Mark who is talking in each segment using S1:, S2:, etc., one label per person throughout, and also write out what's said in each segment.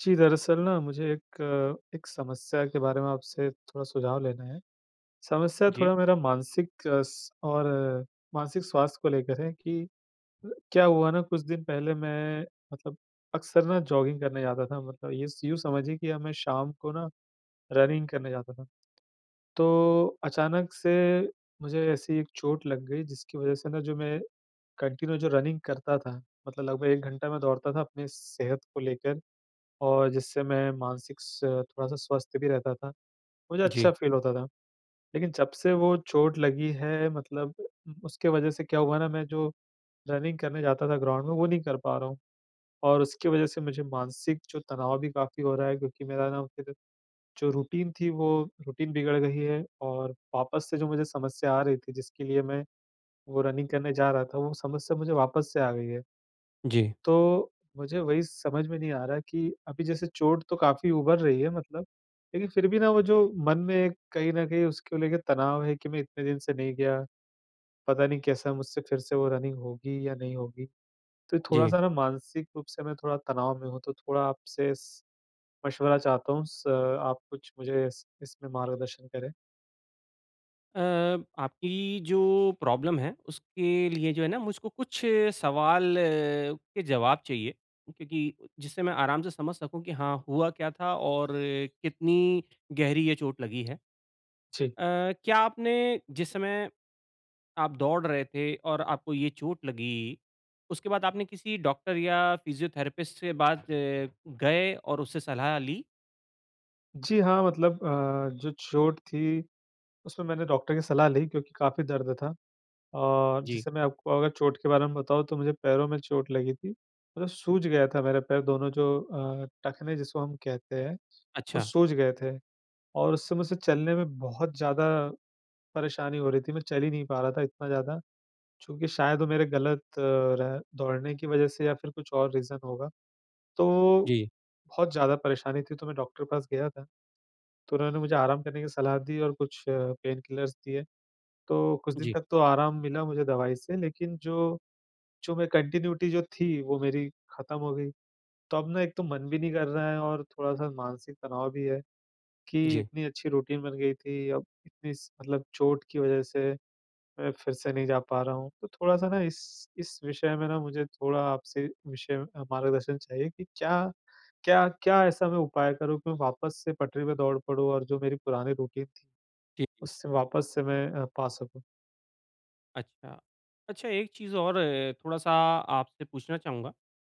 S1: जी, दरअसल ना, मुझे एक एक समस्या के बारे में आपसे थोड़ा सुझाव लेना है। समस्या
S2: जी।
S1: थोड़ा मेरा मानसिक अ, स और मानसिक स्वास्थ्य को लेकर है कि अ, क्या हुआ ना, कुछ दिन पहले मैं मतलब अक्सर ना, जॉगिंग करने जाता था। मतलब ये स यूँ समझिए कि अब मैं शाम को ना, रनिंग करने जाता था। तो अचानक से मुझे ऐसी एक चोट लग गई, जिसकी वजह से ना, जो मैं कन्टिन्यू जो रनिंग करता था, मतलब लगभग 1 घंटा मैं दौड़ता था अपनी सेहत को लेकर, और जिससे मैं मानसिक स थोड़ा-सा स्वस्थ भी रहता था। मुझे अच्छा
S2: जी।
S1: फ़ील होता था। लेकिन जब से वो चोट लगी है, मतलब उम, उसके वजह से क्या हुआ ना, मैं जो रनिंग करने जाता था ग्राउंड में, वो नहीं कर पा रहा हूँ। और उसकी वजह से मुझे मानसिक जो तनाव भी काफ़ी हो रहा है, क्योंकि मेरा ना, फिर जो रूटीन थी, वो रूटीन बिगड़ गयी है और वापस से जो मुझे समस्या आ रही थी, जिसके लिए मैं वो रनिंग करने जा रहा था, वो समस्या मुझे वापस से आ गयी है।
S2: जी।
S1: तो मुझे वही समझ में नहीं आ रहा कि अभी, जैसे चोट तो काफ़ी उभर रही है मतलब। लेकिन फिर भी ना, वो जो मन में एक कहीं न कहीं उसको लेके तनाव है कि मैं इतने दिन से नहीं गया। पता नहीं कैसा, मुझसे फिर से वो रनिंग होगी या नहीं होगी। तो
S2: जी।
S1: थोड़ा-सा ना, मानसिक रूप से मैं थोड़ा तनाव में हूँ। तो थोड़ा आपसे स मशवरा चाहता हूँ। स आप कुछ मुझे इस इसमें मार्गदर्शन करें।
S2: अ, आपकी जो प्रॉब्लम है उसके लिए जो है ना मुझको कुछ सवाल के जवाब चाहिए, क्योंकि जिससे मैं आराम से समझ सकूँ कि हाँ हुआ क्या था और कितनी गहरी ये चोट लगी है। अ,
S1: जी।
S2: क्या आपने जिस समय, आप दौड़ रहे थे और आपको ये चोट लगी, उसके बाद आपने किसी डॉक्टर या फ़िज़ियोथेरेपिस्ट से बात गए और उससे सलाह ली?
S1: जी, हाँ मतलब अ, जो चोट थी, उसमें मैंने डॉक्टर की सलाह ली क्योंकि काफ़ी दर्द था। और
S2: जी।
S1: जैसे मैं आपको अगर चोट के बारे में बताऊँ तो मुझे पैरों में चोट लगी थी, मतलब सूज गया था मेरे पैर दोनों जो अ, टखने जिसको हम कहते हैं, वो
S2: अच्छा।
S1: सूज गए थे। और उससे मुझसे चलने में बहुत ज़्यादा, परेशानी हो रही थी मैं चल ही नहीं पा रहा था इतना ज़्यादा। चूँकि शायद वो मेरे ग़लत रह दौड़ने की वज़ह से या फिर कुछ और रीज़न होगा। तो,
S2: जी।
S1: बहुत ज़्यादा परेशानी थी तो मैं डॉक्टर के पास गया था, तो उन्होंने मुझे आराम करने की सलाह दी और कुछ पेनकिलर्स दिए। तो कुछ दिन
S2: जी।
S1: तक तो आराम मिला मुझे दवाई से, लेकिन जो जो मैं कंटीन्युइटी जो थी वो मेरी ख़त्म हो गई। तो अब ना एक तो मन भी नहीं कर रहा है और थोड़ा-सा मानसिक तनाव भी है, कि
S2: जी।
S1: इतनी अच्छी रूटीन बन गई थी, अब इतनी स, मतलब चोट की वज़ह से, मैं फिर से नहीं जा पा रहा हूँ। तो थोड़ा-सा ना इस इस विषय में ना मुझे थोड़ा आपसे विषय म अ, मार्गदर्शन चाहिए कि क्या क्या क्या ऐसा मैं उपाय करूँ कि मैं वापस से पटरी पर दौड़ पड़ूँ? और जो मेरी पुरानी रूटीन थी,
S2: जी, जी।
S1: उससे वापस से मैं अ, पा सकूँ?
S2: अच्छा। अच्छा, एक चीज़ और है थोड़ा-सा आपसे पूछना चाहूँगा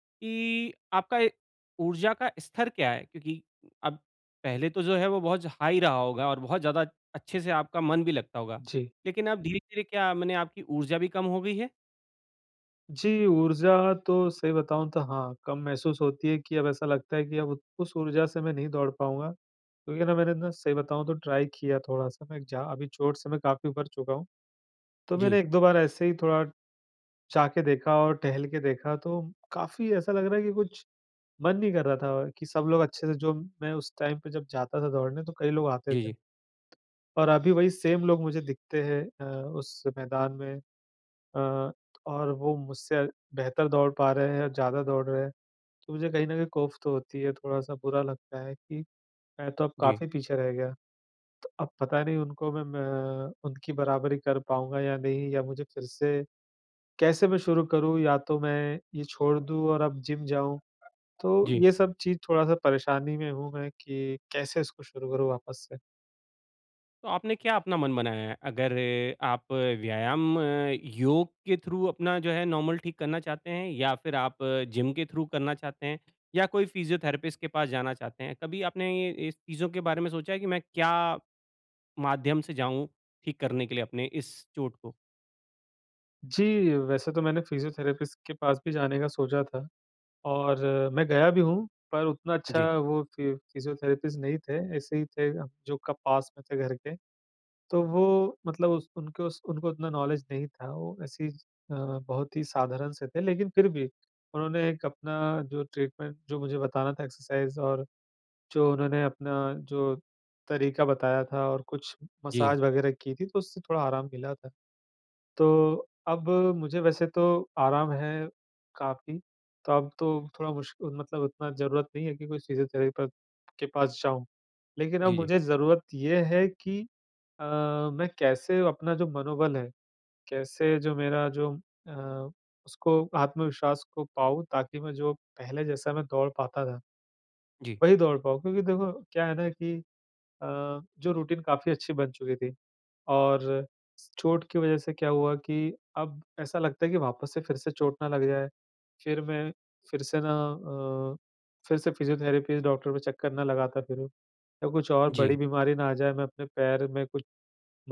S2: कि आपका, ए ऊर्जा का स्तर क्या है? क्योंकि अब पहले तो जो है वो बहुत ज हाई रहा होगा और बहुत ज़्यादा अच्छे से आपका मन भी लगता होगा।
S1: जी।
S2: लेकिन अब धीरे-धीरे क्या? मने आपकी ऊर्जा भी कम हो गई है?
S1: जी, ऊर्जा तो सही बताऊँ तो हाँ, कम महसूस होती है कि अब ऐसा लगता है कि अब उ उस ऊर्जा से मैं नहीं दौड़ पाऊँगा। क्योंकि ना मैंने ना सही बताऊँ तो ट्राइ किया थोड़ा-सा, मैं इगजा अभी चोट से मैं काफ़ी उभर चुका हूँ। तो मेरा
S2: जी।
S1: 1-2 बार ऐसे ही थोड़ा जा के देखा और टहल के देखा, तो काफ़ी ऐसा लग रहा है कि कुछ मन नहीं कर रहा था, कि सब लोग अच्छे से जो मैं उस टाइम पे जब जाता था दौड़ने तो कई लोग आते
S2: जी,
S1: थे।
S2: जी।
S1: और अभी वहीं सेम लोग मुझे दिखते हैं अ, उस मैदान में। अ, और वो मुझसे बेहतर दौड़ पा रहे हैं और ज़्यादा दौड़ रहे हैं, तो मुझे कहीं न कहीं कॉफ तो होती है थोड़ा-सा बुरा लगता है कि मैं तो अब
S2: जी।
S1: काफ़ी पीछे रह गया, तो अब पता नहीं उनको मैं मैं अ, उनकी बराबरी कर पाऊँगा या नहीं या मुझे फिर से कैसे मैं शुरू करूँ? या तो मैं ये छोड़ दूँ और अब जिम जाऊँ? तो
S2: जी।
S1: ये सब चीज़ थोड़ा-सा परेशानी में हूँ मैं कि कैसे इसको शुरू करूँ वापस से।
S2: तो आपने क्या अपना मन बनाया है? अगर अ, आप व्यायाम, योग के थ्रू अपना जो है, नॉर्मल ठीक करना चाहते हैं, या फिर आप जिम के थ्रू करना चाहते हैं, या कोई फिज़ियोथेरेपिस्ट के पास जाना चाहते हैं? कभी आपने ये, इस चीजों के बारे में सोचा है कि मैं क्या माध्यम से जाऊँ, ठीक करने के लिए अपने इस चोट को?
S1: जी, वैसे तो मैंने फिज़ियोथेरेपिस्ट के पास भी जाने का सोचा था, और मैं गया भी हूँ। पर उतना अच्छा
S2: जी।
S1: वो फि फिज़ियोथेरेपिस्ट नहीं थे, ऐसे ही थे, जो का पास में थे घर के। तो वो मतलब उस उनको स उनको उतना नॉलेज नहीं था, वो ऐसे ही ज अ, बहुत ही साधारण से थे। लेकिन फिर भी उन्होंने एक अपना जो ट्रीटमेंट जो मुझे बताना था, एक्सरसाइज़ और जो उन्होंने अपना जो तरीका बताया था, और कुछ
S2: जी।
S1: मसाज वगैरह की थी, तो उससे थोड़ा आराम मिला था। तो अब मुझे वैसे तो आराम है काफ़ी, तो अब तो थोड़ा मुश्क मतलब उतना ज़रूरत नहीं है कि कोई फिज़ियोथेरेपक के पास जाऊँ। लेकिन अब
S2: जी, जी।
S1: मुझे ज़रूरत ये है कि अ, मैं कैसे अपना जो मनोबल है, कैसे जो मेरा जो अ, उसको आत्मविश्वास को पाऊँ, ताकि मैं, जो पहले जैसा मैं दौड़ पाता था,
S2: जी।
S1: वही दौड़ पाऊँ। क्योंकि देखो, क्या है ना कि अ, जो रूटीन काफ़ी अच्छी बन चुकी थी, और स चोट की वजह से क्या हुआ कि अब ऐसा लगता है कि वापस से फिर से चोट ना लग जाए। फिर मैं, फिर से ना अ, फिर से फिज़ियोथेरेपीज़ डॉक्टर पे चक्कर ना लगाता फिरूँ, या कुछ और बड़ी
S2: जी।
S1: बीमारी ना आ जाए। मैं अपने पैर में, कुछ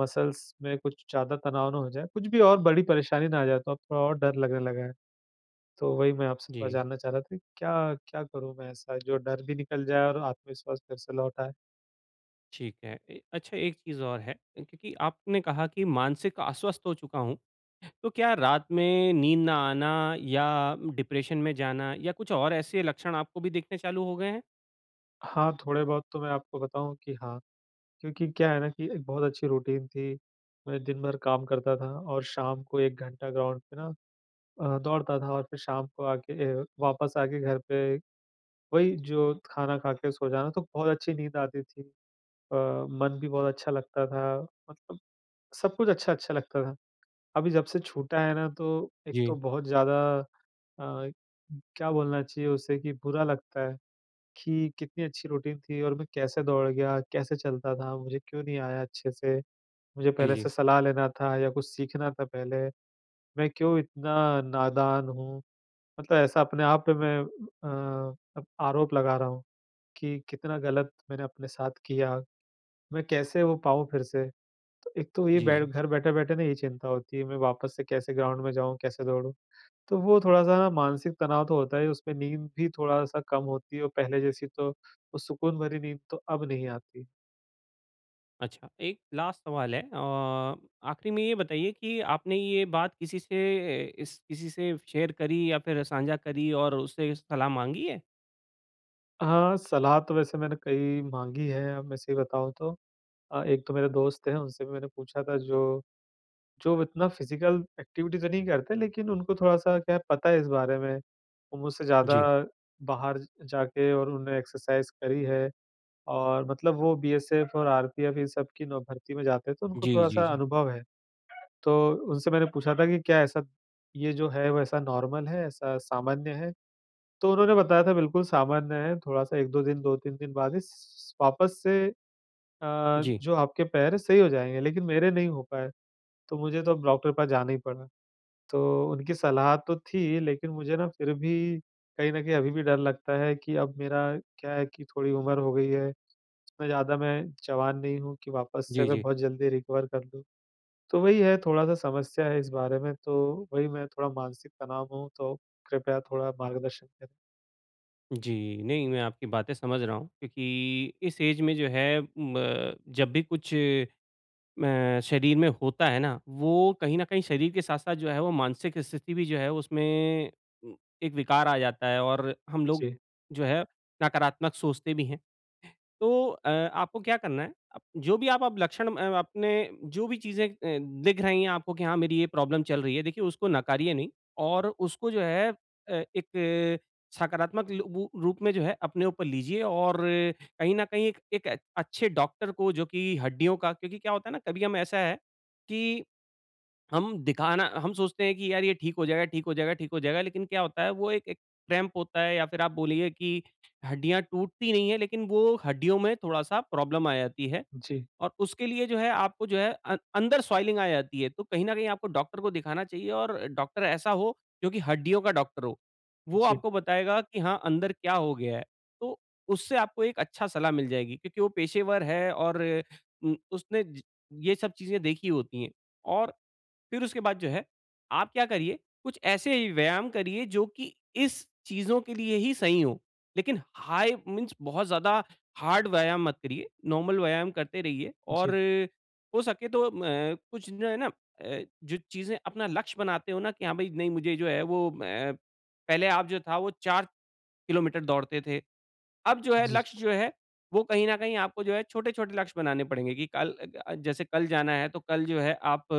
S1: मसल्स में कुछ ज़्यादा तनाव ना हो जाए, कुछ भी और बड़ी परेशानी ना आ जाए। तो अब थोड़ा और डर लगने लगा है। तो वही मैं आपसे थोड़ा
S2: जी।
S1: जानना चाह रहा था कि क्या-क्या करूँ मैं ऐसा, जो डर भी निकल जाए और आत्मविश्वास फिर से लौट आए?
S2: ठीक है। ए अच्छा एक चीज़ और है, क्योंकि आपने कहा कि मानसिक अस्वस्थ हो चुका हूँ, तो क्या रात में नींद ना आना या डिप्रेशन में जाना या कुछ और ऐसे लक्षण आपको भी दिखने चालू हो गए हैं?
S1: हाँ, थोड़े-बहुत तो मैं आपको बताऊँ कि हाँ, क्योंकि क्या है ना की एक बहुत अच्छी रूटीन थी, मैं दिन-भर काम करता था और शाम को 1 घंटा ग्राउंड पे ना अ, दौड़ता था और फिर शाम को आके ए वापस आके घर पे वही जो खाना खाके सो जाना, तो बहुत अच्छी नींद आती थी। अ, मन भी बहुत अच्छा लगता था, मतलब सब कुछ अच्छा-अच्छा लगता था। अभी जब से छूटा है ना तो एक तो
S2: जी।
S1: बहुत ज़्यादा अ, क्या बोलना चाहिए उसे कि बुरा लगता है, कि कितनी अच्छी रूटीन थी और मैं कैसे दौड़ गया? कैसे चलता था? मुझे क्यों नहीं आया अच्छे से? मुझे
S2: जी,
S1: पहले से
S2: जी।
S1: सलाह लेना था या कुछ सीखना था पहले, मैं क्यों इतना नादान हूँ? मतलब ऐसा अपने आप पे मैं एह, अ, आरोप लगा रहा हूँ कि कितना गलत मैंने अपने साथ किया, मैं कैसे वो पाऊँ फिर से? तो एक तो ये बैठ
S2: जी।
S1: घर बैठे-बैठे ना ये चिंता होती है मैं वापस से कैसे ग्राउंड में जाऊँ, कैसे दौड़ूँ? तो वो थोड़ा-सा ना मानसिक तनाव तो होता ही है, उसपे नींद भी थोड़ा-सा कम होती है और पहले जैसी तो वो सुकून भरी नींद तो अब नहीं आती।
S2: अच्छा, एक लास्ट सवाल है। अ, आख़िरी में ये बताइए कि आपने ये बात किसी से इस किसी से शेयर करी या फिर साझा करी और उससे सलाह माँगी है?
S1: हाँ, सलाह तो वैसे मैंने कई माँगी है, अब मैं सही बताऊँ तो। अ, एक तो मेरे दोस्त हैं, उनसे भी मैंने पूछा था, जो जो इतना फिज़िकल एक्टिविटी तो नहीं करते, लेकिन उनको थोड़ा-सा क्या है, पता है इस बारे में। वो मुझसे ज़्यादा
S2: जी।
S1: बाहर ज जाके और उन्होंने एक्सरसाइज़ करी है, और मतलब वो बीएसएफ और आरपीएफ, इन सब की नवभर्ती में जाते हैं, तो उनको
S2: जी, जी,
S1: थोड़ा-सा
S2: जी।
S1: अनुभव है। तो उनसे मैंने पूछा था कि, "क्या ऐसा, ये जो है, वैसा नॉर्मल है, ऐसा सामान्य है?" तो उन्होंने बताया था, "बिल्कुल सामान्य है। थोड़ा-सा 1-2 दिन, 2-3 दिन बाद ही स स स वापस से अ,
S2: जी।
S1: जो आपके पैर हैं, सही हो जाएँगे।" लेकिन मेरे नहीं हो पाए। तो मुझे तो डॉक्टर के पास जाना ही पड़ा। तो उनकी सलाह तो थी, लेकिन मुझे ना, फिर भी कहीं न कहीं अभी भी डर लगता है कि अब मेरा क्या है कि थोड़ी उमर हो गई है। इतना ज़्यादा मैं जवान नहीं हूँ कि वापस से
S2: जी,
S1: मैं
S2: जी।
S1: बहुत जल्दी रिकवर कर लूँ। तो वही है, थोड़ा-सा समस्या है इस बारे में। तो वही मैं थोड़ा मानसिक तनाव हूँ, तो कृपया थोड़ा मार्गदर्शन करें।
S2: जी, नहीं मैं आपकी बातें समझ रहा हूँ। क्योंकि इस एज में जो है ब अ, जब भी कुछ अ, शरीर में होता है ना, वो कहीं न कहीं शरीर के साथ-साथ जो है, वो मानसिक स्थिति भी जो है, उसमें एक विकार आ जाता है। और हम लोग
S1: जी।
S2: जो है, नकारात्मक सोचते भी हैं। तो अ, आपको क्या करना है, जो भी अप आप लक्षण म अपने जो भी चीज़ें अ, दिख रही है आपको की हाँ मेरी ये प्रॉब्लम चल रही है। देखिए उसको नकारिए नहीं और उसको जो है, अ, एक सकारात्मक लू वू रूप में जो है अपने ऊपर लीजिए और कहीं न कहीं एक एक अच्छे डॉक्टर को जो कि हड्डियों का क्योंकि क्या होता है ना, कभी हम ऐसा है कि हम दिखाना हम सोचते हैं कि यार ये ठीक हो जाएगा, ठीक हो जाएगा, ठीक हो जाएगा, लेकिन क्या होता है वो एक एक क्रैम्प होता है या फिर आप बोलिए कि हड्डियाँ टूटती नहीं है, लेकिन वो हड्डियों में थोड़ा-सा प्रॉब्लम आ जाती है।
S1: जी।
S2: और उसके लिए जो है, आपको जो है, अ, अंदर स्वेलिंग आ जाती है, तो कहीं न कहीं आपको डॉक्टर को दिखाना चाहिए और डॉक्टर ऐसा हो जोकि हड्डियों का डॉक्टर हो वो
S1: जी।
S2: आपको बताएगा कि हाँ अंदर क्या हो गया है। तो उससे आपको एक अच्छा सलाह मिल जाएगी। क्योंकि वो पेशेवर है और उम, उसने ज ये सब चीज़ें देखी होती है। और फिर उसके बाद जो है, आप क्या करिए, कुछ ऐसे व्यायाम करिए जो कि इस चीजज़ों के लिए ही सही हो। लेकिन हाई मीन्स बहुत ज़्यादा हार्ड व्यायाम मत करिए, नॉर्मल व्यायाम करते रहिए
S1: जी।
S2: और हो सके तो म कुछ जो है ना, अ, जो चीज़ें अपना लक्ष्य बनाते हो ना कि हाँ, भाई नहीं मुझे जो है वो अ, पहले आप जो था वो 4 किलोमीटर दौड़ते थे। अब जो है,
S1: जी।
S2: लक्ष्य जो है, वो कहीं न कहीं आपको जो है छोटे-छोटे लक्ष्य बनाने पड़ेंगे कि कल अ अ, जैसे कल जाना है, तो कल जो है आप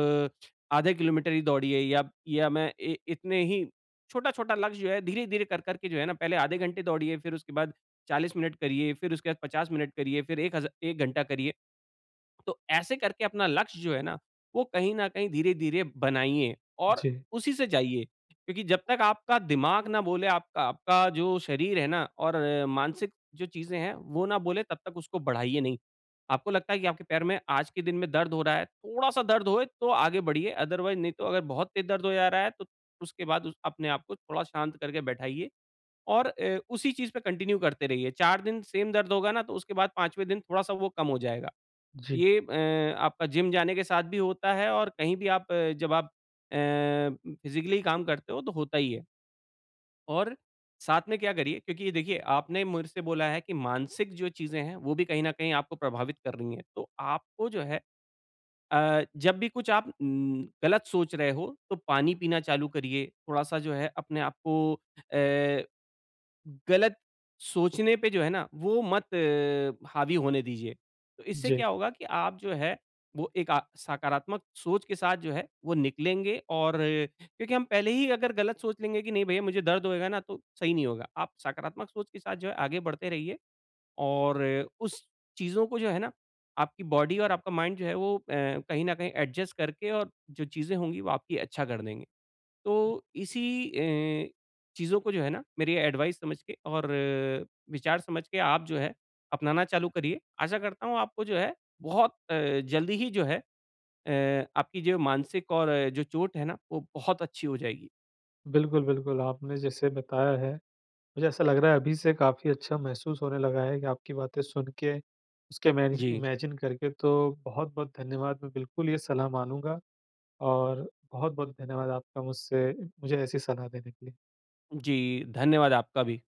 S2: आधे किलोमीटर ही दौड़िए या या मैं इ इतने ही छोटा-छोटा लक्ष्य जो है धीरे-धीरे कर-कर के जो है ना, पहले आधे घंटे दौड़िए फिर उसके बाद 40 मिनट करिए फिर उसके बाद 50 मिनट करिए फिर 1 हज़ा 1 घंटा करिए। तो ऐसे करके अपना लक्ष्य जो है ना, वो कहीं न कहीं धीरे-धीरे बनाइए और
S1: जी।
S2: उसी से जाइए, क्योंकि जब तक आपका दिमाग ना बोले आपका आपका जो शरीर है ना और मानसिक जो चीज़ें हैं, वो ना बोले तब तक उसको बढ़ाइए नहीं। आपको लगता है कि आपके पैर में आज के दिन में दर्द हो रहा है, थोड़ा-सा दर्द होए तो आगे बढ़िए अदरवाइज नहीं तो अगर बहुत तेज दर्द हो जा रहा है, तो उसके बाद उस अपने आपको थोड़ा शांत करके बैठाइए और अ, उसी चीज़ पे कंटिन्यू करते रहिए, 4 दिन सेम दर्द होगा ना, तो उसके बाद 5वें दिन थोड़ा-सा वो कम हो जाएगा।
S1: जी।
S2: ये अ, आपका जिम जाने के साथ भी होता है और कहीं भी आप अ, जब आप अ, फिज़िकली काम करते हो तो होता ही है। और साथ में क्या करिए, क्योंकि देखिए आपने मेरे से बोला है कि मानसिक जो चीज़ें हैं, वो भी कहीं न कहीं आपको प्रभावित कर रही हैं, तो आपको जो है। अ, जब भी कुछ आप उम, गलत सोच रहे हो, तो पानी पीना चालू करिए थोड़ा-सा जो है अपने आपको अ, गलत सोचने पे जो है ना, वो मत हावी होने दीजिए। तो इससे
S1: जी।
S2: क्या होगा कि आप जो है, वो एक अ, सकारात्मक सोच के साथ जो है, वो निकलेंगे और, क्योंकि हम पहले ही अगर गलत सोच लेंगे कि नहीं भैया मुझे दर्द होएगा ना, तो सही नहीं होगा। आप सकारात्मक सोच के साथ जो है आगे बढ़ते रहिए और अ, उस चीज़ों को जो है ना, आपकी बॉडी और आपका माइंड जो है, वो अ, कहीं न कहीं एडजस्ट करके और जो चीज़ें होंगी वो आपकी अच्छा कर देंगे। तो इसी अ, चीज़ों को जो है ना, मेरी एडवाइस समझ के और विचार समझ के आप जो है, अपनाना चालू करिए। आशा करता हूँ, आपको जो है बहुत अ, जल्दी ही जो है अ, आपकी जो मानसिक और जो चोट है ना, वो बहुत अच्छी हो जाएगी।
S1: बिल्कुल, बिल्कुल आपने जैसे बताया है, मुझे ऐसा लग रहा है अभी से काफ़ी अच्छा महसूस होने लगा है। आपकी बातें सुन के, उसके इमेजि
S2: जी।
S1: इमेजिन करके तो बहुत-बहुत धन्यवाद। मैं बिल्कुल ये सलाह मानूँगा और बहुत-बहुत धन्यवाद आपका मुझसे मुझे ऐसी सलाह देने के लिए।
S2: जी, धन्यवाद आपका भी।